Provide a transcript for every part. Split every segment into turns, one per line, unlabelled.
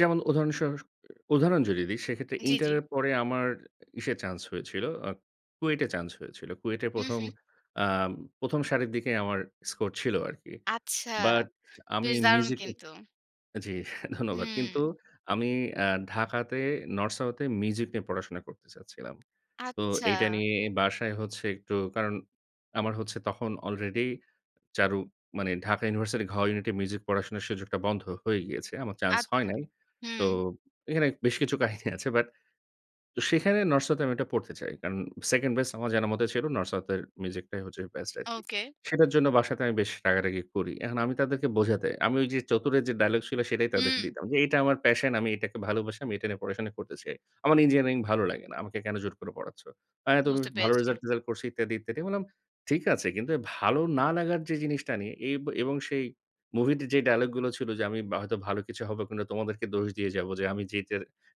যেমন উদাহরণ সহস উদাহরণ যদি দিই সেক্ষেত্রে
জি,
ইন্টার
জি।
এর পরে আমার ইসে চান্স হয়েছিল, আ কুয়েটে চান্স হয়েছিল। কুয়েটে
হুম,
১ম,
হুম।
আ ১ম, সারির দিকে আমার স্কোর ছিল আরকি।
আচ্ছা,
বাট আমি
বেশ দারুণ
মিউজিকে
কিন্তু!
জি, ধন্যবাদ। কিন্তু
হুম।
আমি আ ঢাকাতে নর্থ সাউথ এ মিউজিক নিয়ে পড়াশোনা করতে চাচ্ছিলাম। তো
আচ্ছা।
এইটা নিয়ে বাসায় হচ্ছে একটু কারণ আমার হচ্ছে তখন আলরেডি চারু মানে ঢাকা ইউনিভার্সিটির ঘ ইউনিট এ মিউজিক পড়াশোনার সুযোগটা বন্ধ হয়ে গিয়েছে আমার চান্স হয়
আচ্ছা।
নাই। তো
হুম।
এখানে বেশ কিছু কাহিনী আছে বাট তো সেখানে নর্থ সাউথ এ আমি এটা পড়তে চাই। কারণ 2nd বেস্ট আমার জানামতে ছিল নর্থ সাউথ এর মিউজিকটাই হচ্ছে বেস্ট আরকি।
ওকে।
সেটার জন্য বাসাতে আমি বেশ রাগারাগি করি। এখন আমি তাদেরকে বোঝাতে, আমি ওই যে চতুরে যে ডায়ালগ ছিল সেটাই তাদেরকে
হুম।
দিতাম, যে "এটা আমার passion আমি এটাকে ভালোবাসি, আমি এটা নিয়ে পড়াশোনা করতে চাই। আমার ইঞ্জিনিয়ারিং ভালো লাগে না আমাকে কেন জোর করে পড়াচ্ছো?" অ্যা তো বেশ
বুঝতে
ভালো
পেরেছি।
রেজাল্ট-টেজাল্ট করছি ইত্যাদি, ইত্যাদি। আমি বললাম, "ঠিক আছে কিন্তু ভালো না লাগার যে জিনিসটা নিয়ে" এব এবং সেই মুভিতে যে ডায়ালগ গুলো ছিল যে, "আমি বা হয়তো ভালো কিছু হবে তোমাদেরকে দোষ দিয়ে যাবো যে আমি যেটা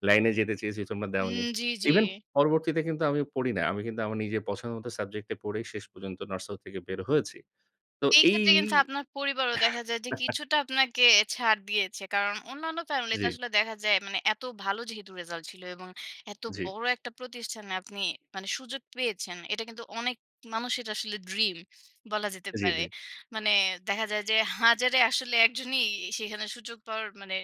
লাইনে যেতে চেয়েছি তোমরা
হুম,
দেওনি।"
জি, জি।
ইভেন পরবর্তীতে কিন্তু আমি পড়ি না। আমি কিন্তু আমার নিজের পছন্দমত সাবজেক্ট এ পড়েই শেষ পর্যন্ত নর্থ সাউথ থেকে বের হয়েছি তো
এই
এই
ক্ষেত্রে কিন্তু আপনার পরিবারও দেখা যায় যে কিছুটা আপনাকে ছাড় দিয়েছে। কারণ অন্যান্য ফ্যামিলিতে
জি।
আসলে দেখা যায় মানে এত ভালো যেহেতু রেজাল্ট ছিল এবং এত
জি।
বড় একটা প্রতিষ্ঠানে আপনি মানে সুযোগ পেয়েছেন। এটা কিন্তু অনেক মানুষের আসলে ড্রিম বলা যেতে
জি,
পারে।
জি।
মানে দেখা যায় যে হাজারে আসলে একজনই সেখানে সুযোগ পাওয়ার মানে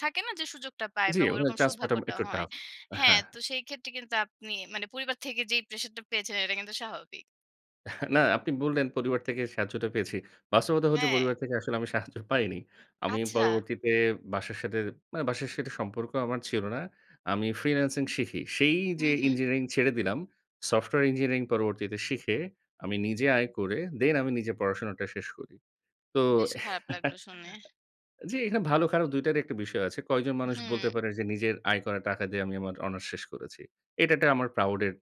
থাকে না যে সুযোগটা পায়
জি,
বা
ওখানে
ঐরকম
চান্স পাওয়াটা
সৌভাগ্যটা
একটু
হয়।
টাফ,
হ্যাঁ,
হ্যাঁ।
তো সেই ক্ষেত্রে কিন্তু আপনি মানে পরিবার থেকে যেই প্রেশারটা পেয়েছেন এটা কিন্তু স্বাভাবিক।
"না আপনি বললেন পরিবার থেকে সাহায্যটা পেয়েছি, বাস্তবতা হচ্ছে
হ্যাঁ।
পরিবার থেকে আসলে আমি সাহায্য পাইনি।" আমি
আচ্ছা।
পরবর্তীতে বাসার সাথে মানে বাসার সাথে সম্পর্ক আমার ছিল না। আমি ফ্রিল্যান্সিং শিখি। সেই যে
হুম, হুম।
ইঞ্জিনিয়ারিং ছেড়ে দিলাম, সফটওয়্যার ইঞ্জিনিয়ারিং পরবর্তীতে শিখে আমি নিজে আয় করে দেন আমি নিজের পড়াশোনাটা শেষ করি। তো
বেশ খারাপ লাগল শুনে।
জি, এইখানে ভালো খারাপ দুইটারই একটা বিষয় আছে। কয়জন মানুষ বলতে
হুম।
পারে যে নিজের আয় করা টাকা দিয়ে আমি আমার অনার্স শেষ করেছি। এটা একটা আমার প্রাউড এর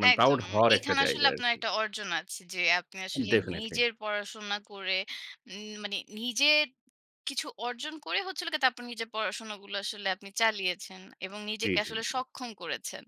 মানে প্রাউড
একদম
হওয়ার একটা
এখানে আসলে
জায়গা
আপনার
আরকি।
একটা অর্জন আছে যে আপনি আসলে
definitely
নিজের পড়াশোনা করে উম মানে নিজের কিছু অর্জন করে হচ্ছিলো গিয়ে তারপর নিজের পড়াশোনাগুলা আসলে আপনি চালিয়েছেন এবং
জি,
নিজেকে
জি,
আসলে
জি।
সক্ষম করেছেন।